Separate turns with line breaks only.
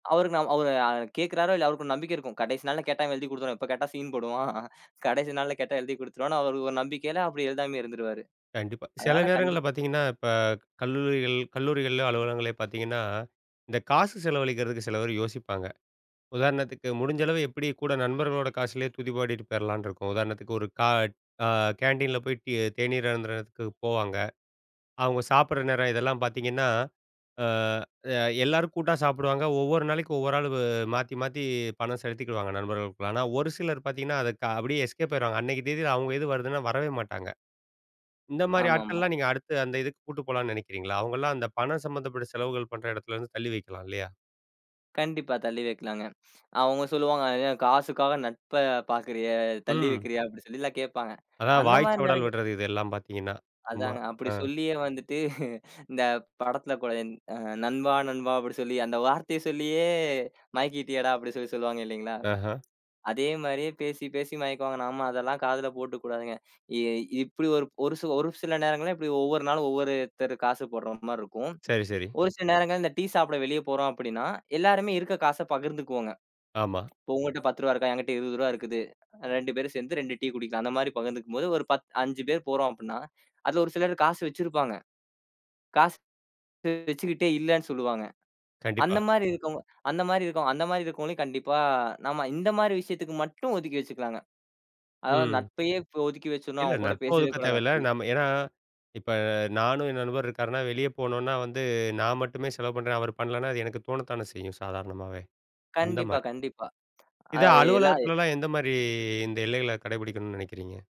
அவருக்கு நாம் அவரு அ கேக்குறாரு இல்ல அவருக்கு ஒரு நம்பிக்கை இருக்கும். கடைசி நாள்ள கேட்டா எழுதி கொடுத்துருவான். எப்ப கேட்டா ஸீன் போடுவான். கடைசி நாள்ல கேட்டா எழுதிக் கொடுத்துருவான்னு அவருக்கு ஒரு நம்பிக்கையில அப்டி எழுதாமயே இருந்துருவாரு.
கண்டிப்பா. சில
அதனால கண்டிப்
நேரங்கள்ல பாத்தீங்கன்னா இப்ப கல்லூரிகள் கல்லூரிகளிலோ, அலுவலகங்களிலோ பாத்தீங்கன்னா, இந்தக் காசு செலவழிக்கறதுக்கு சில பேரு யோசிப்பாங்க. உதாரணத்துக்கு முடிஞ்ச அளவு எப்டி கூட நண்பர்களோட காசுல துதி பாடிட்டு போயிரலாம்னு இருக்கும். உதாரணத்துக்கு ஒரு க அ கேண்டீன்ல போயிட்டு டீ தேநீர் அருந்தறதுக்கு போவாங்க. அவங்க சாப்டுற நேரம் இதெல்லாம் பாத்தீங்கன்னா? அ அ எல்லாரும் கூட்டா சாப்டுவாங்க. ஒவ்வொரு நாளைக்கு ஒவ்வொரு ஆளு அ மாத்தி, மாத்தி பணம் செலுத்திக்குவாங்க நண்பர்களுக்குள்ள. ஆனா ஒரு சிலர் பாத்தீங்கன்னா, அதுக்கு அப்டியே எஸ்கேப் ஆய்ருவாங்க. அன்னைக்கு தேதில அவங்க இது வருதுன்னா வரவே மாட்டாங்க. இந்த மாரி
ஆமா, ஆமா.
ஆட்கள்லாம் நீங்க அடுத்து அந்த இதுக்கு கூட்டு போலாம்னு நினைக்கிறீங்களா? அவங்கலாம் அந்தப் பணம் சம்பந்தப்பட்ட செலவுகள் பண்ற இடத்துலருந்து தள்ளி வைக்கலாம் இல்லையா?
கண்டிப்பா. தள்ளி வைக்கலாங்க. அவங்க சொல்லுவாங்க, "என் காசுக்காக நட்ப பாக்கறய, தள்ளி
ம்.
வைக்கிறியா?" அப்படி சொல்லில்லாம் கேப்பாங்க.
அதான்
அந்த
வாய்
மாரி
சவடல்
நேரங்கள்
விடுறது. இதெல்லாம் பாத்தீங்கன்னா சும்மா.
அதாங்க, அப்டி
அ.
சொல்லியே வந்துட்டு, இந்தப் படத்துல கூட, "நண்பா, நண்பா" அப்டி சொல்லி அந்த வார்த்தையச் சொல்லியே மயக்கிட்டியேடா அப்டி சொல்லி சொல்லுவாங்க இல்லைங்களா?
அஹா.
அதே மாரியே பேசிப் பேசி மயக்குவாங்க. நாம அதெல்லாம் காதுல போட்டுக்குடாதுங்க. ஏ இப்டி ஒரு ஒரு சில ஒரு சில நேரங்கள்ல இப்டி ஒவ்வொரு நாளும் ஒவ்வொருத்தர் காசு போடுற மாரி இருக்கும்.
சரி, சரி.
ஒரு சில நேரங்கள்ல இந்த டீ சாப்ட வெளிய போறோம் அப்டின்னா, எல்லாருமே இருக்க காச பகிர்ந்துக்குவோங்க.
ஆமா.
இப்ப உங்கட்ட ரூ. 10 இருக்கா, என்கிட்ட ரூ. 20 இருக்குது. 2 பேரும் சேர்ந்து 2 டீ குடிக்கலாம். அந்த மாரி பகிர்ந்துக்கும்போது ஒரு பத் 5 பேர் போறோம் அப்டின்னா, அதுல ஒரு சிலர் காசு வச்சிருப்பாங்க. காசு து வச்சிகிட்டே இல்லேன்னு சொல்லுவாங்க. அந்த
கண்டிப்பா.
மாரி இருக்குவங்க அந்த மாரி இருக்குவங்க அந்த மாரி இருக்குறவங்களையு கண்டிப்பா, நாம இந்த மாரி விஷயத்துக்கு மட்டும் ஒதுக்கி வச்சுக்கலாங்க. அதாது
ம்.
நட்பையே ஒதுக்கி வச்சுனு
இல்ல
அவன் கூடப்
நட்போ
பேசிட
இருக்க
கூடாது
தேவையில்ல.
அப்டி
நாம ஏனா இப்ப நானும் என் நண்பரும் இருக்காருன்னா வெளிய போகணுனா வந்து, நான் மட்டுமே செலவு பண்ணறேன். அவரு பண்ணலன்னா அது எனக்குத் தோணுத்தான செய்யும் சாதாரணமாவே. அந்த
கண்டிப்பா,
மாரி.
கண்டிப்பா.
இத
அதாது எல்லால்
அலுவலகத்துலலாம் எந்த மாரி இந்த எல்லைகள கடைபிடிக்கணும்னு நினைக்கிறீங்க?